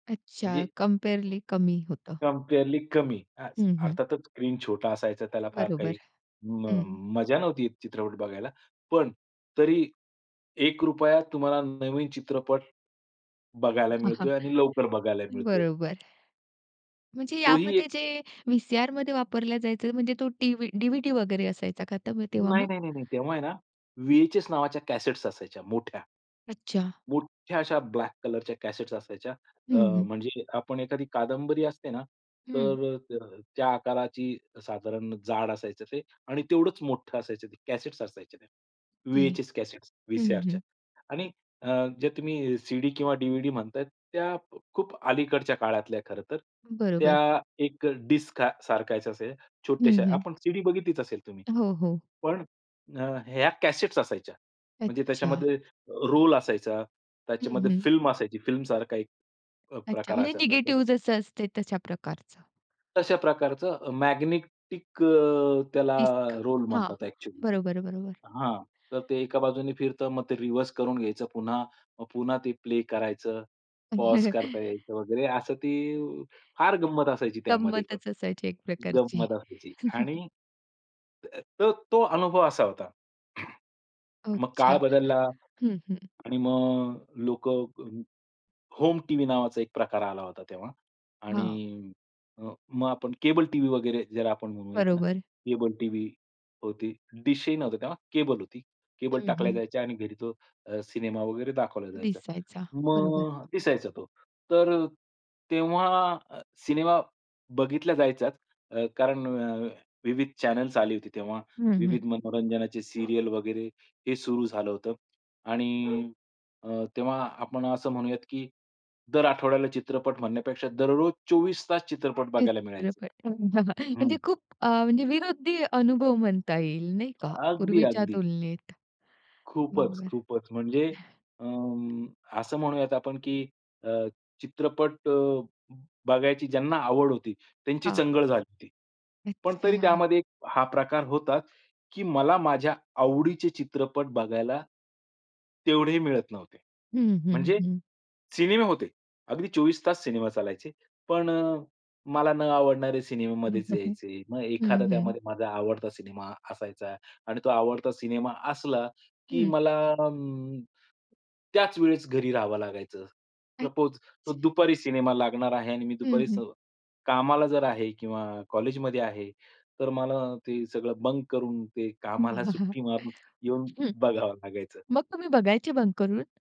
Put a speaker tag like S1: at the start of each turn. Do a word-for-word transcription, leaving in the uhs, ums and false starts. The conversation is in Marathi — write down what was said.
S1: अच्छा,
S2: म्हणजे
S1: कंपेअरली कमी होतं.
S2: कंपेअरली कमी, हाच.
S1: हं, हं.
S2: अर्थातच स्क्रीन छोटा असायचा. त्याला फार काही
S1: बरोबर.
S2: म
S1: हं.
S2: मजा नव्हती चित्रपट बघायला. पण तरी एक रुपयात तुम्हाला नवीन चित्रपट बघायला
S1: हां, हां.
S2: मिळतोय आणि लवकर बघायला मिळतोय.
S1: बरोबर. म्हणजे
S2: तो ही एक
S1: यामध्ये जे व्ही-सी-आरमध्ये वापरलं जायचं, म्हणजे तो टीव्ही, डीव्हीडी वगैरे असायचा का, तर तेव्हा मग?
S2: नाही, नाही, नाही, नाही. तेव्हा आहे ना वी-एच-एस नावाच्या कॅसेट्स असायच्या, मोठ्या.
S1: अच्छा.
S2: मोठ्या अशा ब्लॅक कलरच्या कॅसेट्स असायच्या.
S1: हं,
S2: अ,
S1: हं.
S2: म्हणजे आपण एखादी कादंबरी असते ना,
S1: हं.
S2: तर, त त्या आकाराची साधारण जाड असायचं ते आणि तेवढंच मोठं असायचं ते. कॅसेट्स असायच्या त्या.
S1: हे.
S2: वी-एच-एस कॅसेट्स,
S1: हं,
S2: वी-सी-आरच्या.
S1: हं.
S2: आणि अ, जे तुम्ही सीडी किंवा डीव्हीडी म्हणताय, त्या खूप अलीकडच्या काळातल्या आहे खरं तर.
S1: बरोबर.
S2: त्या एक डिस्क सारखाच आहे,
S1: हं,
S2: छोट्याश्या.
S1: हं.
S2: आपण सीडी बघितलीच असेल तुम्ही.
S1: हो, हो.
S2: पण ह्या कॅसेट्स असायच्या. म्हणजे
S1: अच्छा.
S2: त्याच्यामध्ये रोल असायचा.
S1: हं,
S2: त्याच्यामध्ये
S1: हं.
S2: फिल्म असायची. फिल्म सारखा एक अ,
S1: अच्छा,
S2: प्रकार
S1: म्हणजे
S2: असायचा तो.
S1: निगेटिव्ह जसं असते तशा प्रकारचं.
S2: तशा प्रकारचं मॅग्नेटिक अ, त्याला
S1: डिस्क.
S2: रोल
S1: हां.
S2: म्हणतात ॲक्च्युअली.
S1: बरोबर, बरोबर.
S2: हां. तर ते एका बाजूने फिरतं. मग ते रिव्हर्स करून घ्यायचं पुन्हा. मग पुन्हा ते प्ले करायचं. पॉज करता यायचं वगैरे. असं ती फार गंमत असायची त्यामध्ये पण.
S1: गंमतच असायची एक प्रकारची.
S2: गंमत असायची. आणि, त तो तो अनुभव असा होता. मग
S1: अच्छा.
S2: काळ बदलला
S1: हं, हं.
S2: आणि मग लोकं होम टीव्ही नावाचा एक प्रकार आला होता तेव्हा.
S1: हां.
S2: आणि मग आपण केबल टीव्ही वगैरे ज्याला आपण म्हणूयात ना,
S1: बरोबर.
S2: केबल टीव्ही होती, डिशही नव्हता तेव्हा. केबल होती. केबल
S1: हं,
S2: टाकल्या
S1: हं.
S2: जायच्या आणि घरी तो अ, सिनेमा वगैरे दाखवला जायचा.
S1: दिसायचा, बरोबर.
S2: मग दिसायचा तो. तर तेव्हा सिनेमा बघितला जायचाच अ, कारण विविध चॅनेल्स आले होते तेव्हा.
S1: हं, हं.
S2: विविध मनोरंजनाचे सीरियल वगैरे हे सुरू झालं होतं. आणि तेव्हा आपण असं म्हणूयात, की दर आठवड्याला चित्रपट म्हणण्यापेक्षा दररोज चोवीस तास चित्रपट बघायला मिळायचे.
S1: चित्रपट. हो ना.
S2: हं.
S1: म्हणजे खूप अ, म्हणजे विनोदी अनुभव म्हणता येईल, नाही का?
S2: अगदी,
S1: पूर्वीच्या
S2: अगदी.
S1: तुलनेत.
S2: खूपच,
S1: बरोबर.
S2: खूपच. म्हणजे अ, असं म्हणूयात आपण, की अ, चित्रपट बघायची ज्यांना आवड होती, त्यांची
S1: हा.
S2: चंगळ झाली होती. पण तरी
S1: अच्छा.
S2: त्यामध्ये हा प्रकार होता, की मला माझ्या आवडीचे चित्रपट बघायला, तेवढेही मिळत नव्हते.
S1: हं, हं,
S2: म्हणजे
S1: हं.
S2: सिनेमे होते, अगदी चोवीस तास सिनेमा चालायचे. पण अ, मला न आवडणारे सिनेमा मध्येच
S1: [unintelligible]
S2: यायचे. मग
S1: हं,
S2: एखादा
S1: हं.
S2: त्यामध्ये माझा आवडता सिनेमा असायचा आणि तो आवडता सिनेमा असला की
S1: हं.
S2: मला त्याच वेळेस घरी राहावं लागायचं. सपोज तो
S1: अच्छा.
S2: दुपारी सिनेमा लागणार आहे आणि मी
S1: हं,
S2: दुपारी स
S1: हं.
S2: कामाला जर आहे, किंवा कॉलेजमध्ये आहे, तर मला ते सगळं बंक करून ते कामाला
S1: वाह!
S2: सुट्टी मारून येऊन
S1: हं.
S2: बघावं लागायचं.
S1: मग तुम्ही बघायचे बंक करून?